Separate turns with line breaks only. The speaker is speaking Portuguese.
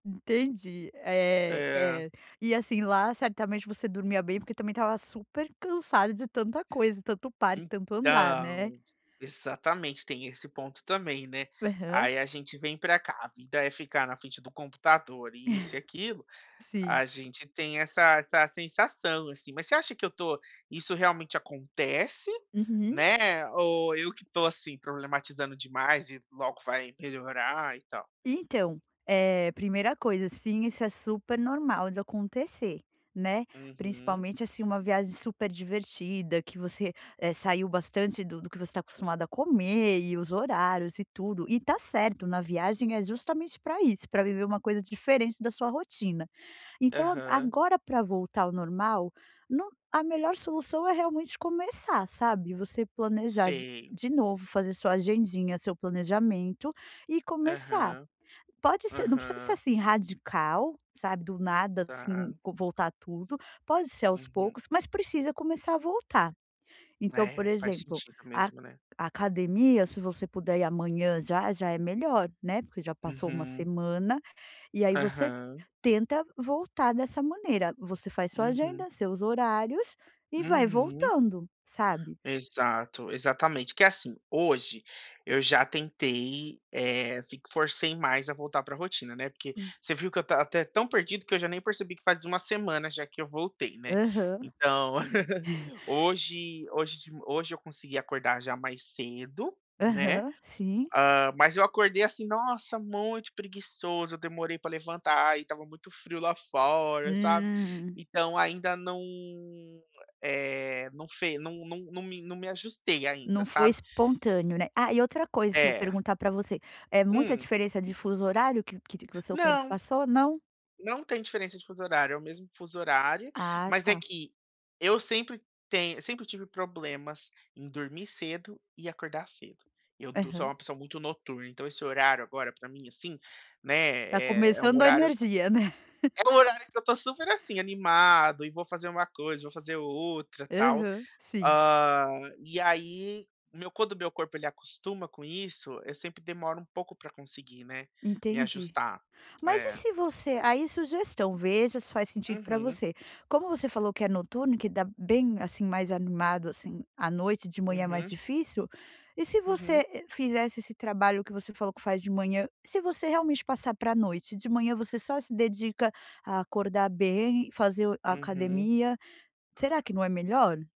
Entendi, eh
É.
eh, e assim lá, certamente você dormia bem, porque também estava super cansada de tanta coisa, tanto parque, tanto andar, né.
Então, exatamente, tem esse ponto também, né.
Aham.
Aí a gente vem pra cá, a vida é ficar na frente do computador e isso e aquilo,
Sim.
a gente tem essa essa sensação, assim, mas você acha que eu estou, isso realmente acontece,
Uhum.
né, ou eu que estou, assim, problematizando demais e logo vai melhorar e tal?
Então, eh, primeira coisa, sim, isso é super normal de acontecer, né.
Uhum.
Principalmente, assim, uma viagem super divertida, que você, eh, saiu bastante do do que você está acostumado a comer e os horários e tudo, e tá certo, na viagem é justamente pra isso, pra viver uma coisa diferente da sua rotina. Então,
Aham.
agora, pra voltar ao normal no a melhor solução é realmente começar, sabe. Você planejar de
Sei.
de novo fazer sua agendinha, seu planejamento e começar.
Aham,
Pode ser, não precisa ser
aham.
assim radical, sabe, do nada
Tá.
assim vo voltar tudo, pode ser aos
Uhum.
poucos, mas precisa começar a voltar. Então, por
É, faz
exemplo,
sentido
a
mesmo, né.
a academia, se você puder ir amanhã, já, já é melhor, né, porque já passou uma
Uhum.
semana, e aí você
Aham.
tenta voltar dessa maneira, você faz sua
Uhum.
agenda, seus horários e vai
Uhum.
voltando, sabe.
Exato, exatamente. Que é assim, hoje eu já tentei, eh, f forcei mais a voltar pra rotina, né. Porque
Hum.
você viu que eu estava até tão perdido que eu já nem percebi que faz uma semana já que eu voltei, né.
Aham.
Então, hoje hoje de ma hoje eu consegui acordar já mais cedo, né.
Aham, sim.
Ah, mas eu acordei, assim, nossa, muito preguiçoso, eu demorei pra levantar e estava muito frio lá fora, sabe.
Hum.
Então ainda não, eh, não fe não não não me não me ajustei ainda,
Não foi
sabe.
espontâneo, né, ah, e outra coisa, pra
É.
perguntar pra você é muita
Hum.
diferença de fuso horário que que te que o seu corpo
Não.
passou, não?
Não tem diferença de fuso horário, é o mesmo fuso horário,
Ah
mas é
tá.
que eu sempre tenho sempre tive problemas em dormir cedo e acordar cedo. Eu do sou
Aham.
uma pessoa muito noturna, então esse horário agora pra mim, assim, né,
Tá
eh, é um
começando a
horário
energia, né.
é um horário que eu estou super, assim, animado e vou fazer um coisa, vou fazer outra tal.
Aham, sim.
Ah, e aí, o meu co quando o meu corpo ele acostuma com isso, eu sempre demoro um pouco pra conseguir, né. Me
Entendi.
ajustar,
Mas e
é.
se você aí, sugestão, veja se faz sentido pra
Uhum.
você. Como você falou que é noturno, que dá bem, assim, mais animado, assim, à noite, de manhã mais
Uhum.
difícil, e se
Uhum.
você fizesse esse trabalho que você falou que faz de manhã, se você realmente passar pra noite, de manhã você só se dedica a acordar bem, fazer o a
Uhum.
academia, será que não é melhor?